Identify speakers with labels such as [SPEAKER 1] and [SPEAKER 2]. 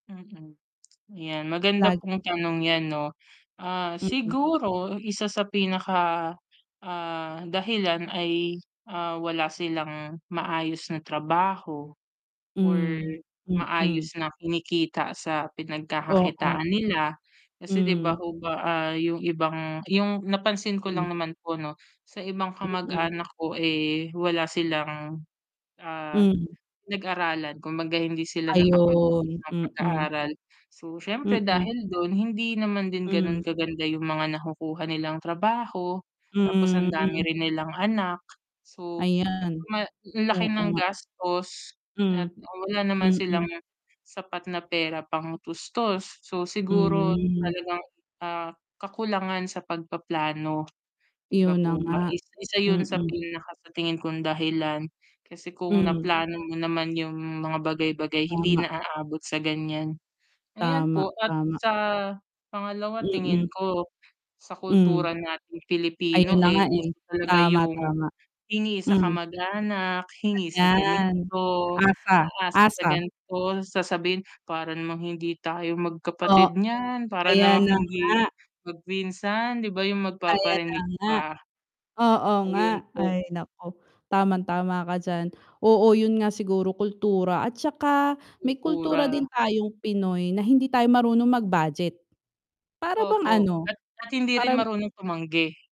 [SPEAKER 1] Mm. 'Yan, maganda
[SPEAKER 2] Lagi.
[SPEAKER 1] pong tanong 'yan, 'no. Ah,
[SPEAKER 2] Mm.
[SPEAKER 1] siguro isa sa pinaka, ah, dahilan ay, ah, wala silang maayos na trabaho or
[SPEAKER 2] Hmm, mm.
[SPEAKER 1] maayos na kinikita sa
[SPEAKER 2] Oo.
[SPEAKER 1] pinagkakakitaan nila. Kasi, 'di ba
[SPEAKER 2] Hmm.
[SPEAKER 1] ho ba, ah, 'yong ibang 'yong napansin ko
[SPEAKER 2] Hmm.
[SPEAKER 1] lang naman po, 'no, sa ibang
[SPEAKER 2] Mm.
[SPEAKER 1] kamag-anak ko, eh, wala silang, ah,
[SPEAKER 2] Hmm.
[SPEAKER 1] pinag-aralan. Kumbaga hindi sila nakapagtapos
[SPEAKER 2] Ayun,
[SPEAKER 1] sa
[SPEAKER 2] mm.
[SPEAKER 1] pag-aaral. So siyempre
[SPEAKER 2] Mm.
[SPEAKER 1] dahil do'n, hindi naman din gano'n
[SPEAKER 2] Hmm.
[SPEAKER 1] kaganda 'yong mga nakukuha nilang trabaho. Tapos
[SPEAKER 2] Hmm,
[SPEAKER 1] ang dami
[SPEAKER 2] mm.
[SPEAKER 1] rin nilang anak. So
[SPEAKER 2] Ayan,
[SPEAKER 1] ma laki
[SPEAKER 2] oo
[SPEAKER 1] ng
[SPEAKER 2] nga.
[SPEAKER 1] gastos
[SPEAKER 2] Hmm,
[SPEAKER 1] at, ah, wala naman
[SPEAKER 2] mm.
[SPEAKER 1] silang sapat na pera pangtustos. So siguro
[SPEAKER 2] Hmm.
[SPEAKER 1] talagang, ah, kakulangan sa pagpaplano, 'di ba
[SPEAKER 2] 'Yon na
[SPEAKER 1] po ba.
[SPEAKER 2] nga,
[SPEAKER 1] Is isa 'yon sa
[SPEAKER 2] mm.
[SPEAKER 1] pinaka sa tingin kong dahilan. Kasi kung
[SPEAKER 2] Hmm.
[SPEAKER 1] naplano mo naman 'yong mga bagay-bagay hindi
[SPEAKER 2] Tama.
[SPEAKER 1] na aabot sa ganiyan. Ayan
[SPEAKER 2] Tama,
[SPEAKER 1] po, at
[SPEAKER 2] tama.
[SPEAKER 1] sa pangalawa tingin
[SPEAKER 2] Mm.
[SPEAKER 1] ko sa
[SPEAKER 2] Hmm.
[SPEAKER 1] kultura nating
[SPEAKER 2] Ayun
[SPEAKER 1] Pilipino,
[SPEAKER 2] na
[SPEAKER 1] eh,
[SPEAKER 2] nga, eh.
[SPEAKER 1] uso talaga
[SPEAKER 2] Tama,
[SPEAKER 1] 'yong
[SPEAKER 2] tama.
[SPEAKER 1] hingi sa
[SPEAKER 2] Hmm.
[SPEAKER 1] kamag-anak, hingi sa
[SPEAKER 2] Ayan.
[SPEAKER 1] ganito,
[SPEAKER 2] Asa,
[SPEAKER 1] aasa sa
[SPEAKER 2] asa.
[SPEAKER 1] ganito. Sasabihin, "Para namang hindi tayo
[SPEAKER 2] Oh,
[SPEAKER 1] magkapatid niyan. Para
[SPEAKER 2] ayan
[SPEAKER 1] namang
[SPEAKER 2] na
[SPEAKER 1] hindi
[SPEAKER 2] nga.
[SPEAKER 1] magpinsan." 'Di ba 'yong
[SPEAKER 2] Ayan na
[SPEAKER 1] magpaparinig
[SPEAKER 2] nga.
[SPEAKER 1] pa?
[SPEAKER 2] Oo nga.
[SPEAKER 1] Ayun po.
[SPEAKER 2] Ay naku, tamang tama ka diyan. Oo, 'yun nga siguro kultura at saka may kultura
[SPEAKER 1] Kultura.
[SPEAKER 2] din tayong Pinoy na hindi tayo marunong mag-budget. Para bang
[SPEAKER 1] Opo,
[SPEAKER 2] ano,
[SPEAKER 1] at at hindi rin
[SPEAKER 2] karam
[SPEAKER 1] marunong tumanggi.